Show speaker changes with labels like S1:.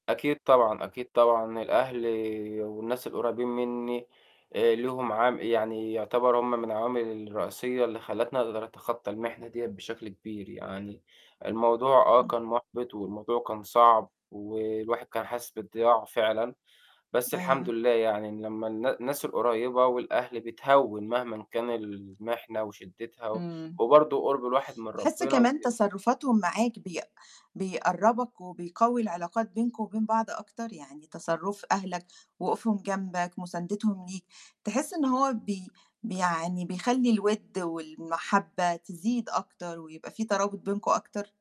S1: أكيد طبعًا، أكيد طبعًا الأهل والناس القريبين مني، آآ ليهم عام يعني يعتبروا هُم من العوامل الرئيسية اللي خلّتني أقدر أتخطى المحنة ديّة بشكل كبير، يعني الموضوع آه،
S2: إمم.
S1: كان مُحبِط والموضوع كان صعب، والواحد كان حاسس بالضياع فعلًا، بس الحمد
S2: أيوه.
S1: لله يعني إن لمّا النا الناس القريبة والأهل بِتهِّون مهما كان المحنة وشدّتها،
S2: إمم.
S1: وبرضه قُرب الواحد من
S2: تحس
S1: ربنا
S2: كمان
S1: وكده.
S2: تصرفاتهم معاك بيق بيقرّبك وبيقوّي العلاقات بينكم وبين بعض أكتر، يعني تصرُّف أهلك، وقوفهم جنبك، مساندتهم ليك، تحس إن هو بي بي يعني بيخلّي الوِد والمحبة تزيد أكتر ويبقى في ترابط بينكم أكتر؟